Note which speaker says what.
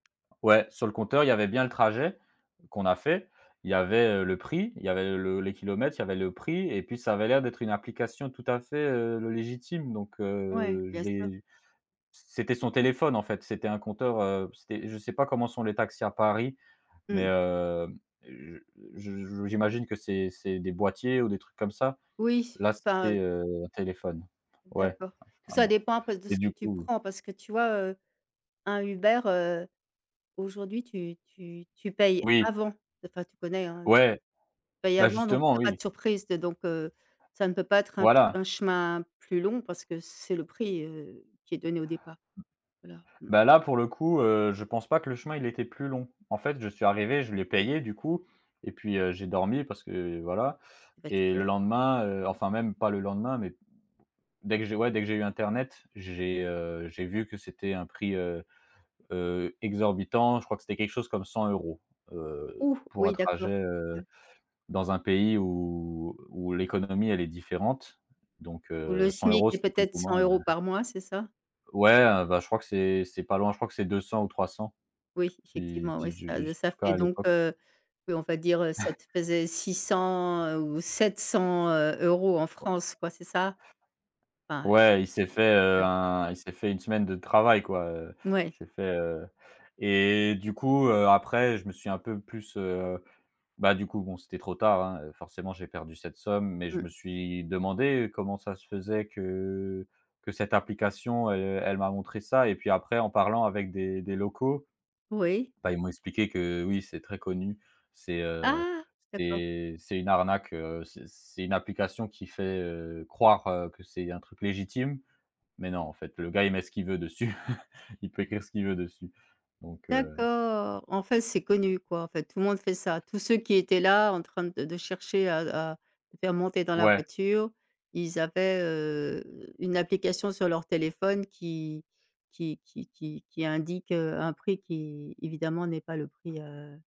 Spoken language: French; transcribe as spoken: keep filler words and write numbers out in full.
Speaker 1: Ouais, sur le compteur, il y avait bien le trajet qu'on a fait. Il y avait, heu, le prix, il y avait le les kilomètres, il y avait le prix et puis ça avait l'air d'être une application tout à fait, heu, le légitime, donc
Speaker 2: Ouais,
Speaker 1: heu, je
Speaker 2: bien sûr.
Speaker 1: l'ai c'était son téléphone, en fait, c'était un compteur, heu, c'était je sais pas comment sont les taxis à Paris. Mais,
Speaker 2: Mmh.
Speaker 1: heu, je je j'imagine que c'est c'est des boîtiers ou des trucs comme ça?
Speaker 2: Oui,
Speaker 1: Là
Speaker 2: enfin, heu
Speaker 1: c'était, heu, un téléphone. Ouais
Speaker 2: D'accord. Tout
Speaker 1: un un
Speaker 2: ça
Speaker 1: bo
Speaker 2: dépend un peu de
Speaker 1: et
Speaker 2: ce que
Speaker 1: du
Speaker 2: tu
Speaker 1: coup
Speaker 2: prends, parce que tu vois, heu, un Uber, heu, aujourd'hui tu tu tu payes
Speaker 1: Oui.
Speaker 2: avant. Enfin, tu connais, hein, heu tu
Speaker 1: Ouais.
Speaker 2: payes
Speaker 1: Bah
Speaker 2: avant, donc
Speaker 1: justement,
Speaker 2: il y pas de
Speaker 1: oui.
Speaker 2: surprise, donc heu, ça ne peut pas être un ch
Speaker 1: Voilà.
Speaker 2: un chemin plus long, parce que c'est le prix, heu, qui est donné au départ. Voilà mmh.
Speaker 1: Bah là pour le coup, heu, je pense pas que le chemin, il était plus long. En fait, je suis arrivé, je l'ai payé du coup et puis, heu, j'ai dormi parce que voilà,
Speaker 2: Tu es
Speaker 1: et le
Speaker 2: fatigué.
Speaker 1: lendemain, heu enfin même pas le lendemain mais dès que j'ai ouais dès que j'ai eu internet, j'ai, heu, j'ai vu que c'était un prix, heu heu, exorbitant. Je crois que c'était quelque chose comme cent euros, heu,
Speaker 2: Ouh!
Speaker 1: pour un
Speaker 2: Oui, d'accord,
Speaker 1: trajet, heu,
Speaker 2: ouais.
Speaker 1: dans un pays où où l'économie, elle est différente. Donc
Speaker 2: Où le
Speaker 1: heu, cent
Speaker 2: smic
Speaker 1: euros
Speaker 2: est
Speaker 1: c'était plus
Speaker 2: peut-être
Speaker 1: ou
Speaker 2: cent
Speaker 1: moins, heu
Speaker 2: euros par mois, c'est ça?
Speaker 1: Ouais, heu, bah je crois que c'est c'est pas loin, je crois que c'est deux cents ou trois cents.
Speaker 2: Oui,
Speaker 1: C'est
Speaker 2: effectivement,
Speaker 1: c'est
Speaker 2: oui,
Speaker 1: je
Speaker 2: ça
Speaker 1: je en
Speaker 2: ça
Speaker 1: tout cas,
Speaker 2: fait
Speaker 1: à
Speaker 2: donc
Speaker 1: l'époque
Speaker 2: heu oui on va dire, heu, ça te faisait six cents, heu, ou sept cents, heu, euros en
Speaker 1: Oh.
Speaker 2: France quoi, c'est ça? Enfin
Speaker 1: Ouais, il s'est
Speaker 2: ou
Speaker 1: fait, heu,
Speaker 2: ouais.
Speaker 1: un il s'est fait une semaine de travail, quoi, heu il
Speaker 2: Mouais.
Speaker 1: s'est fait, heu et du coup, heu, après je me suis un peu plus, heu bah du coup, bon c'était trop tard, hein, heu, forcément j'ai perdu cette somme. Mais je me
Speaker 2: Mmh.
Speaker 1: suis demandé, heu, comment ça se faisait que que cette application, elle elle m'a montré ça et puis après en parlant avec des des locaux,
Speaker 2: Oui.
Speaker 1: bah, ils m'ont expliqué que, oui c'est très connu. C'est, heu,
Speaker 2: Ah! D'accord.
Speaker 1: c'est c'est une arnaque, heu, c'est, c'est une application qui fait, heu, croire que c'est un truc légitime. Mais non, en fait, le gars, il met ce qu'il veut dessus. Il peut écrire ce qu'il veut dessus. Donc, heu
Speaker 2: D'accord. En fait, c'est connu, quoi, en fait, tout le monde fait ça. Tous ceux qui étaient là en train de de chercher à à te faire monter dans la
Speaker 1: Ouais.
Speaker 2: voiture, ils avaient, heu, une application sur leur téléphone qui qui qui qui indique, heu, un prix qui évidemment n'est pas le prix, heu